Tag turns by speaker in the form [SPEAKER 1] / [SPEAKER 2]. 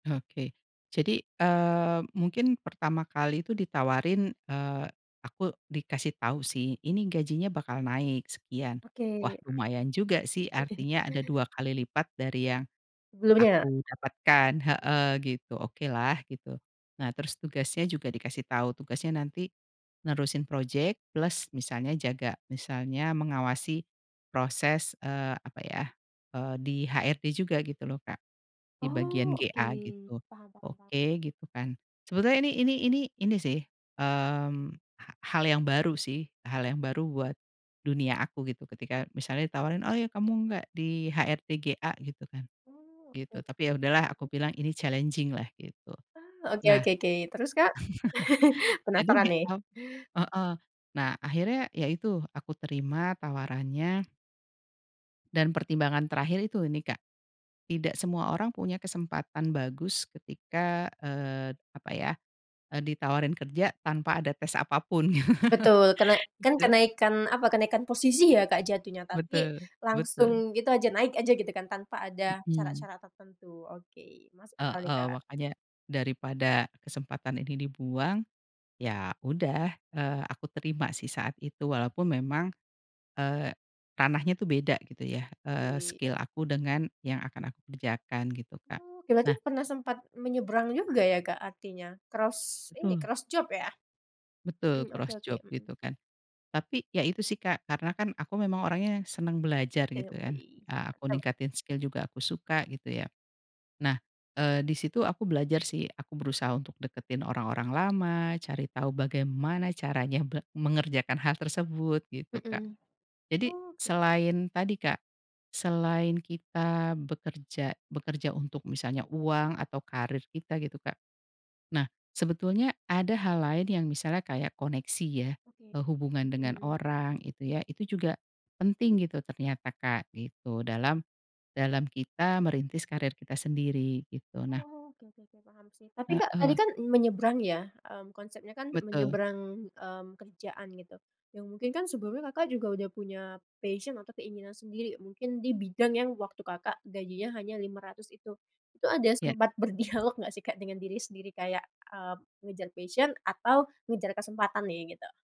[SPEAKER 1] Oke. Jadi, eee, mungkin pertama kali itu ditawarin, eee, aku dikasih tahu sih, ini gajinya bakal naik sekian. Wah
[SPEAKER 2] Oke.
[SPEAKER 1] lumayan juga sih, artinya ada 2 kali lipat dari yang
[SPEAKER 2] Sebelumnya.
[SPEAKER 1] aku dapatkan
[SPEAKER 2] Mhm.
[SPEAKER 1] heeh, gitu, oke lah, gitu. Nah terus tugasnya juga dikasih tahu, tugasnya nanti nerusin proyek, plus misalnya jaga, misalnya mengawasi proses, eee, apa ya, eee, di HRD juga gitu loh Kak, di bagian
[SPEAKER 2] Oh, oke.
[SPEAKER 1] GA gitu,
[SPEAKER 2] Paham paham paham.
[SPEAKER 1] oke gitu kan. Sebetulnya ini ini ini sih, mmm, ha hal yang baru sih, hal yang baru buat dunia aku gitu ketika misalnya ditawarin, "Oh ya kamu nggak di HRD GA?" Gitu kan,
[SPEAKER 2] Oh, oke
[SPEAKER 1] gitu tapi ya
[SPEAKER 2] oke,
[SPEAKER 1] udahlah, aku
[SPEAKER 2] terus?
[SPEAKER 1] bilang ini challenging lah gitu.
[SPEAKER 2] Oh, oke
[SPEAKER 1] Nah
[SPEAKER 2] oke oke. Terus Kak? Penasaran
[SPEAKER 1] jadi
[SPEAKER 2] nih.
[SPEAKER 1] ap heeh, nah akhirnya ya itu aku terima tawarannya dan pertimbangan terakhir itu nih Kak, tidak semua orang punya kesempatan bagus ketika, eee, apa ya, eee, ditawarin kerja tanpa ada tes apapun,
[SPEAKER 2] Betul, kene kan
[SPEAKER 1] gitu.
[SPEAKER 2] kenaikan, apa, kenaikan posisi ya Kak, jatuhnya, tapi
[SPEAKER 1] Betul, betul.
[SPEAKER 2] langsung gitu aja, naik aja gitu kan tanpa ada
[SPEAKER 1] Mhm.
[SPEAKER 2] syarat-syarat tertentu, oke, masuk sekali
[SPEAKER 1] Heeh,
[SPEAKER 2] Kak.
[SPEAKER 1] makannya, daripada kesempatan ini dibuang ya udah, eee, aku terima sih saat itu, walaupun memang, eee, ranahnya tuh beda gitu ya, eee,
[SPEAKER 2] Oke.
[SPEAKER 1] skill aku dengan yang akan aku kerjakan gitu, Kak.
[SPEAKER 2] Oh, berarti
[SPEAKER 1] Nah
[SPEAKER 2] pernah sempat menyeberang juga ya Kak artinya, cross ini,
[SPEAKER 1] Betul.
[SPEAKER 2] cross job ya? Mhm,
[SPEAKER 1] Betul,
[SPEAKER 2] oke
[SPEAKER 1] cross
[SPEAKER 2] oke,
[SPEAKER 1] job
[SPEAKER 2] mhm.
[SPEAKER 1] gitu kan. Tapi ya itu sih Kak, karena kan aku memang orangnya seneng belajar
[SPEAKER 2] Oke
[SPEAKER 1] gitu kan,
[SPEAKER 2] oke,
[SPEAKER 1] eee, aku
[SPEAKER 2] mantap.
[SPEAKER 1] ningkatin skill juga aku suka, gitu ya. Nah, eee di situ, aku belajar sih aku berusaha untuk deketin orang-orang lama, cari tahu bagaimana caranya be mengerjakan hal tersebut gitu, Kak.
[SPEAKER 2] Mhm.
[SPEAKER 1] Jadi
[SPEAKER 2] Oh gitu.
[SPEAKER 1] selain tadi Kak, selain kita bekerja bekerja untuk misalnya uang atau karir kita gitu Kak, nah sebetulnya ada hal lain yang misalnya kayak koneksi ya,
[SPEAKER 2] Oke.
[SPEAKER 1] eee, hubungan dengan
[SPEAKER 2] Mhm.
[SPEAKER 1] orang itu ya. Itu juga, penting gitu ternyata Kak, gitu, dalam, dalam kita merintis karir kita sendiri, gitu. Nah
[SPEAKER 2] Oh, oke oke oke, paham sih. Tapi Kak, tadi
[SPEAKER 1] Heeh.
[SPEAKER 2] kan menyeberang ya, mmm, konsepnya kan
[SPEAKER 1] Betul.
[SPEAKER 2] menyeberang, mmm, kerjaan gitu yang mungkin kan sebelumnya Kakak juga udah punya passion atau keinginan sendiri mungkin di bidang yang waktu Kakak gajinya hanya 500 itu. Itu ada
[SPEAKER 1] Iya.
[SPEAKER 2] sempat berdialog nggak sih Kak dengan diri sendiri kayak, eee, mengejar passion atau mengejar kesempatan nih, gitu?